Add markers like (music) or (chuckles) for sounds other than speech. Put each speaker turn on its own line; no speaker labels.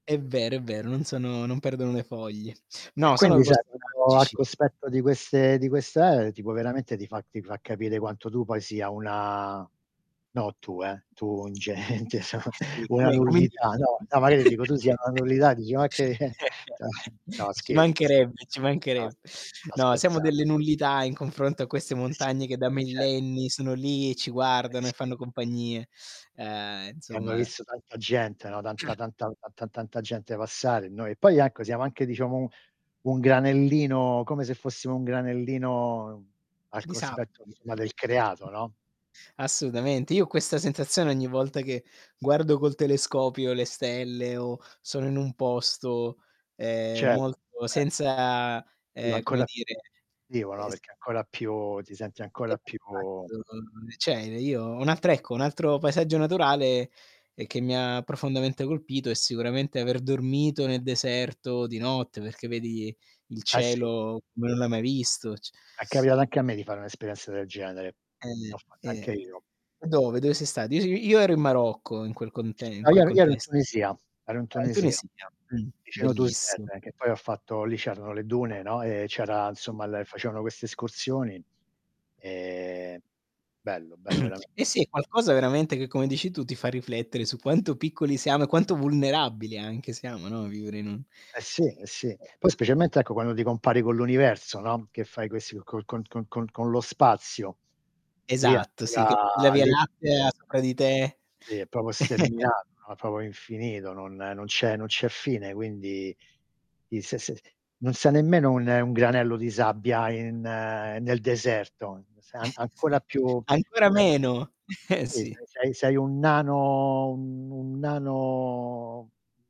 È vero, è vero non sono non perdono le foglie.
E
No sono
quindi sai (unintelligible) al
(unintelligible)
cospetto di queste di queste eh, tipo veramente ti fa ti fa capire quanto tu poi sia una no tu, eh tu un gente,
Sì,
una
come come
nullità.
individuo?
No, no magari dico
(chuckles)
tu sia una nullità, dici ma che eh
(unintelligible)
no
Ci
scherzo, scherzo.
mancherebbe, ci
No s
mancherebbe.
sto
No, siamo
scherza
delle nullità in confronto a queste
Eh sì,
montagne che da
eh cer
millenni sono lì e ci
Eh,
guardano e
sì.
fanno compagnie, ehm,
E hanno
insomma
visto tanta gente, no, tanta
(clears throat)
tanta tan tanta gente passare e noi e poi ecco siamo anche diciamo u un granellino, come se fossimo un granellino, al
Di
cospetto
sabbia.
insomma del creato, no?
Assolutamente. Io ho questa sensazione ogni volta che guardo col telescopio le stelle, o sono in un posto, ehm,
Certo,
molto
ce
senza, ehm, come
Ancora più
dire,
di (unintelligible) no,
es
perché ancora più ti senti ancora più
(unintelligible) cioè io un altro ecco un altro paesaggio naturale, ehm, che mi ha profondamente colpito, è sicuramente aver dormito nel deserto di notte, perché vedi il
Eh, sì.
cielo come non l'hai mai visto, c
È capitato anche a me di fare un'esperienza del genere. L'ho
Eh,
fatta
eh.
anche io.
Dove? Dove sei stato? (unintelligible) Io io ero in Marocco in quel conte in
No, io
quel
ero ero in
contes
Tunisia, ero in
ah, in
Tunisia,
Tunisia, mh,
vicino Touzer,
bellissim
che poi ho fatto lì c'erano le dune, no, e c'era insomma la facevano queste escursioni. E bello, bello verame
(clears throat) Eh, sì, è qualcosa veramente che, come dici tu, ti fa riflettere su quanto piccoli siamo e quanto vulnerabili anche siamo, no, a vivere in un
Eh sì, eh sì. Poi specialmente, ecco, quando ti compari con l'universo no, che fai questi con con con con con lo spazio. Lì
Esatto sì che
arriva
vedi la Via
lì
Lattea
(unintelligible)
sopra di te.
Lì è proprio
(chuckles)
sterminato, no, è proprio infinito, non non c'è non c'è fine quindi i se se non sei nemmeno un, un granello di sabbia in nel deserto, sei
(chuckles)
ancora più
Ancora
eh
meno, eh
Sì,
sì.
sei sei sei un nano un nano